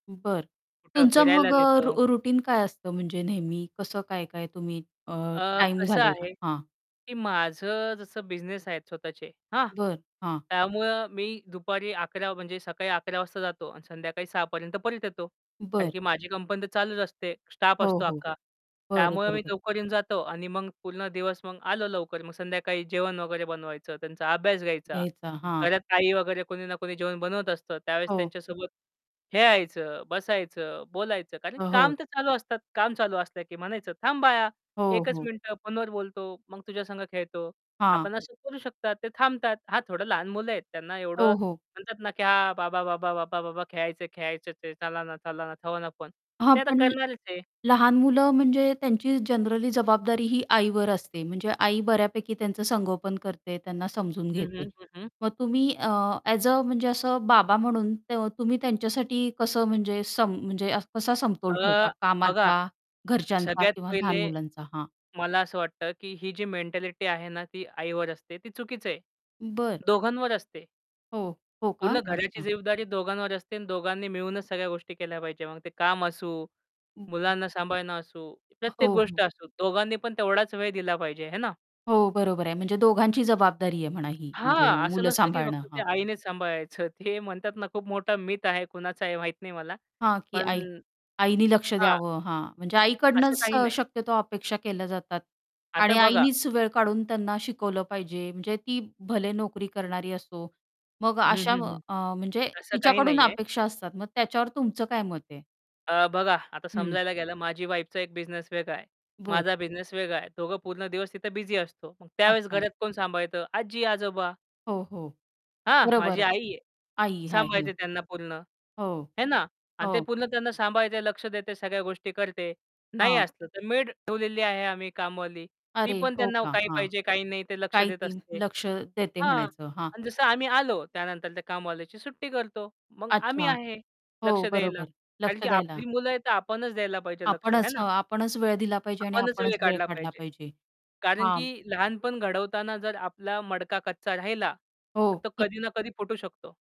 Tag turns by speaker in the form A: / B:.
A: बरं.
B: कुठं
A: तुमचा
B: फिरायला
A: मग अ,
B: नेतो.
A: र रूटीन काय असतं म्हणजे नेहमी कसं काय-काय तुम्ही अ,
B: अ,
A: टाईम
B: कसं
A: घालवता?
B: आहे,
A: हां.
B: की माझं जसं बिझनेस आहेत स्वतःचे. हां,
A: बरं. हां.
B: त्यामुळं मी दुपारी 11:00 म्हणजे सकाळी 11:00 वाजता जातो आणि संध्याकाळी 6:00 पर्यंत परत येतो. कारण
A: बरं.
B: की माझी कंपनी तर चालूच असते, स्टाफ
A: हो,
B: असतो
A: हो.
B: अख्खा.
A: बरं,
B: त्यामुळं
A: बरं,
B: मी
A: बरं.
B: लवकर येऊन जातो आणि मग पूर्ण दिवस मग आलो लवकर मग संध्याकाळी जेवण वगैरे बनवायचं, त्यांचा अभ्यास घ्यायचा.
A: घ्यायचा. हां.
B: घरात ताई वगैरे कोणी ना कोणी जेवण बनवत असतं. त्यावेळेस
A: हो.
B: त्यांच्यासोबत खेळायचं, बसायचं, बोलायचं. कारण
A: अ,
B: काम
A: हो.
B: तर चालू असतात. काम चालू असल्या, की म्हणायचं, "थांब बाळा,
A: हो,
B: 1 च
A: हो.
B: मिनिटं फोनवर बोलतो, मग तुझ्यासंग खेळतो."
A: हां.
B: आपण असं करू शकतात ते थांबतात. हां, थोडं लहान मुलं आहेत. त्यांना एवढं
A: हो, हो.
B: म्हणतात ना, की हां, "बाबा, बाबा, बाबा, बाबा खेळायचं आहे खेळायचचं आहे. चला ना, चला ना. ठेवा ना फोन." पण
A: हां.
B: ते आता
A: पण,
B: करणारच आहे.
A: लहान मुलं म्हणजे त्यांची जनरली जबाबदारी ही आईवर असते, म्हणजे आई बऱ्यापैकी त्यांचं संगोपन करते, त्यांना समजून
B: हं,
A: घेते.
B: हं, हं, हं.
A: मग तुम्ही अ, ॲज अ म्हणजे असं बाबा म्हणून त तुम्ही त्यांच्यासाठी कसं म्हणजे सम म्हणजे कसा समतोल ठेवता
B: अ, बघा.
A: कामाचा, घरच्यांचा
B: सगळ्यात
A: किंवा लहान
B: पहिले,
A: मुलांचा? हां.
B: मला असं वाटतं, की ही जी मेंटॅलिटी आहे ना ती आईवर असते, ती चुकीच आहे.
A: बरं.
B: दोघांवर असते.
A: हो. हो का?
B: पूर्ण घराची
A: अच्छा.
B: जबाबदारी दोघांवर असते आणि दोघांनी मिळूनच सगळ्या गोष्टी केल्या पाहिजे. मग ते काम असू, मुलांना सांभाळणं असू,
A: अ,
B: प्रत्येक
A: हो,
B: गोष्ट
A: हो.
B: असू. दोघांनी पण तेवढाच वेळ दिला पाहिजे. है ना?
A: हो. बरोबर आहे. म्हणजे दोघांची जबाबदारी आहे म्हणा ही, म्हणजे
B: हां. असं
A: मुलं
B: नसतं, की
A: सांभाळणं.
B: फक्त ते
A: हां.
B: आईनेच सांभाळायचं. ते म्हणतात ना खूप मोठा मिथ आहे, कुणाचा आहे माहीत नाही मला,
A: हां, की
B: पण
A: आई आईनी लक्ष
B: हां.
A: द्यावं. हां. म्हणजे
B: असं
A: आईकडनंच
B: काही
A: अ,
B: नाही.
A: शक्यतो अपेक्षा केल्या जातात.
B: आता
A: आणि
B: बघा
A: आईनीच वेळ काढून त्यांना शिकवलं पाहिजे, म्हणजे ती भले नोकरी करणारी असो. मग
B: हं,
A: अशा
B: हं, हं.
A: अ, म्हणजे
B: असं काही
A: तिच्याकडून
B: नाही आहे.
A: अपेक्षा असतात. मग त्याच्यावर तुमचं काय मत आहे?
B: अ, बघा, आता
A: हं.
B: समजायला गेलं माझी वाईफचा एक बिझनेस वेगळा आहे.
A: बरं.
B: माझा बिझनेस वेगळा आहे. दोघं पूर्ण दिवस तिथे बिझी असतो. मग त्यावेळेस
A: अच्छा.
B: घरात कोण सांभाळतं? आजी-आजोबा.
A: हो, हो.
B: हां, माझी
A: बरोबर.
B: आई आहे.
A: आई आहे.
B: सांभाळते त्यांना पूर्ण.
A: हो,
B: है ना. आणि ते
A: हो.
B: पूर्ण त्यांना सांभाळते, लक्ष देते, सगळ्या गोष्टी करते. नाही
A: हां.
B: असतं तर मेड ठेवलेली आहे आम्ही कामवाली. ती
A: अरे,
B: पण
A: हो
B: त्यांना
A: का.
B: काही
A: हां.
B: पाहिजे, काही नाही ते लक्ष
A: काय
B: देत
A: ती
B: असते.
A: लक्ष देते
B: हां.
A: म्हणायचं. हां.
B: अन जसं आम्ही आलो त्यानंतर त्या कामवालीची सुट्टी करतो. मग आम्ही
A: अच्छा.
B: आहे
A: हो.
B: लक्ष द्यायला.
A: बरोबर.
B: कारण
A: लक्ष
B: की
A: द्यायला.
B: आपली मुलं आहेत, तर आपणच द्यायला पाहिजे लक्ष है
A: आपणच
B: ना?
A: हं, आपणच वेळ दिला पाहिजे आणि
B: आपणच वेळ
A: आपणच वेळ
B: काढला
A: काढला
B: पाहिजे.
A: पाहिजे.
B: कारण
A: हां.
B: की लहानपण घडवताना जर आपला मडका कच्चा राहिला,
A: हो.
B: तर तो
A: कि
B: कधी ना कधी फुटू शकतो.